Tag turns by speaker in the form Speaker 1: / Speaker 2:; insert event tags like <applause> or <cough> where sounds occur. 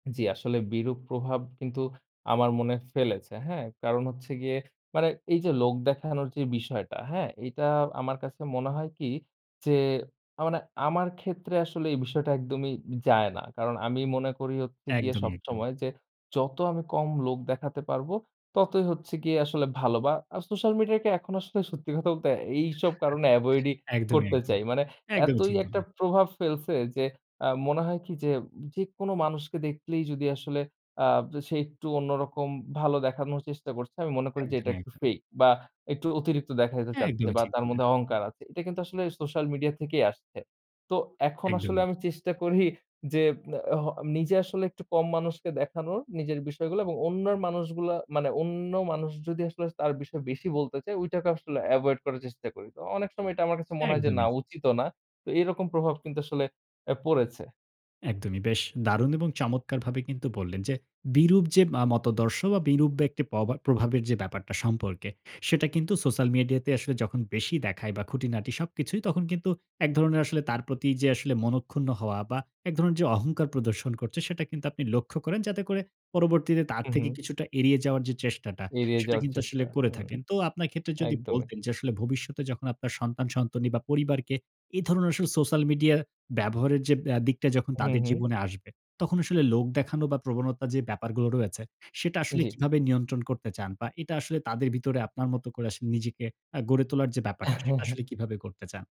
Speaker 1: জ্বি আসলে বিরূপ প্রভাব কিন্তু আমার মনে ফেলেছে, হ্যাঁ? কারণ হচ্ছে গিয়ে মানে এই যে লোক দেখানোর যে বিষয়টা, হ্যাঁ? এইটা আমার কাছে মনে হয় কি? যে আ মানে আমার ক্ষেত্রে আসলে এই বিষয়টা একদমই উম যায় না কারণ আমি মনে করি হচ্ছে গিয়ে
Speaker 2: একদমই, একদমই।
Speaker 1: সবসময় যে, "যত আমি কম লোক দেখাতে পারবো, ততই হচ্ছে গিয়ে আসলে ভালো।" বা আ social media কে এখন আসলে <scoffs> সত্যি কথা তে এইসব কারণে avoid
Speaker 2: <chuckles>
Speaker 1: ই
Speaker 2: একদমই,
Speaker 1: করতে
Speaker 2: একদমই।
Speaker 1: চাই। মানে
Speaker 2: একদমই
Speaker 1: এতই
Speaker 2: ঠিক
Speaker 1: একটা
Speaker 2: বললেন!
Speaker 1: প্রভাব ফেলছে যে আ মনে হয় কি যে, যে কোনো মানুষকে দেখলেই যদি আসলে আব সে একটু অন্যরকম ভালো দেখানোর চেষ্টা করছে। আমি মনে করি যে এটা
Speaker 2: একদমই,
Speaker 1: একটু
Speaker 2: একদমই।
Speaker 1: fake, বা একটু অতিরিক্ত দেখাইতে
Speaker 2: হ্যাঁ,
Speaker 1: চাচ্ছে
Speaker 2: একদমই
Speaker 1: বা
Speaker 2: ঠিক
Speaker 1: তার
Speaker 2: বললেন।
Speaker 1: মধ্যে অহংকার আছে। এটা কিন্তু আসলে social media থেকেই আসছে। তো এখন আসলে
Speaker 2: একদমই।
Speaker 1: আমি চেষ্টা <scoffs> করি যে অ হ নিজে আসলে একটু কম মানুষকে দেখানোর, নিজের বিষয়গুলো এবং অন্যর মানুষগুলা মানে অন্য মানুষ যদি আসলে তার বিষয়ে বেশি বলতে চায়, ঐটাকে আসলে avoid করার চেষ্টা করি। তো অনেক সময় এটা আমার কাছে মনে হয় যে, "না!
Speaker 2: একদমই!
Speaker 1: উচিতও না।" তো এরকম প্রভাব কিন্তু আসলে এ পড়েছে।
Speaker 2: একদমই। বেশ দারুণ এবং চমৎকারভাবে কিন্তু বললেন যে বিরূপ যে মা মতাদর্শ বা বিরূপ বা একটি পভা প্রভাবের যে ব্যাপারটা, সম্পর্কে, সেটা কিন্তু social media তে আসলে যখন বেশি দেখায় বা খুঁটিনাটি সবকিছুই তখন কিন্তু এক ধরণের আসলে তার প্রতি যে আসলে মনক্ষুন্ন হওয়া বা এক ধরণের যে অহংকার প্রদর্শন করছে সেটা কিন্তু আপনি লক্ষ্য করেন, যাতে করে পরবর্তীতে তার
Speaker 1: হুম,
Speaker 2: থেকে
Speaker 1: হুম।
Speaker 2: কিছুটা এড়িয়ে যাওয়ার চেষ্টাটা,
Speaker 1: এড়িয়ে
Speaker 2: সেটা
Speaker 1: যাওয়ার
Speaker 2: কিন্তু আসলে
Speaker 1: চেষ্টা
Speaker 2: করে
Speaker 1: হুম।
Speaker 2: থাকেন। তো আপনার ক্ষেত্রে যদি
Speaker 1: একদমই।
Speaker 2: বলতেন যে আসলে ভবিষ্যতে যখন আপনার সন্তান-সন্তনি বা পরিবারকে এ ধরনের আসলে social media ব্যবহারের যে ব্যা দিকটা যখন
Speaker 1: হুম,
Speaker 2: তাদের
Speaker 1: হুম।
Speaker 2: জীবনে আসবে, তখন আসলে লোক দেখানো বা প্রবণতা যে ব্যাপারগুলো রয়েছে, সেটা আসলে
Speaker 1: জ্বী।
Speaker 2: কিভাবে নিয়ন্ত্রণ করতে চান? বা এটা আসলে তাদের ভিতরে আপনার মতো করে আসলে নিজেকে আ গড়ে তোলার যে ব্যাপারটা, সেটা আসলে
Speaker 1: <chuckles>
Speaker 2: কীভাবে করতে চান?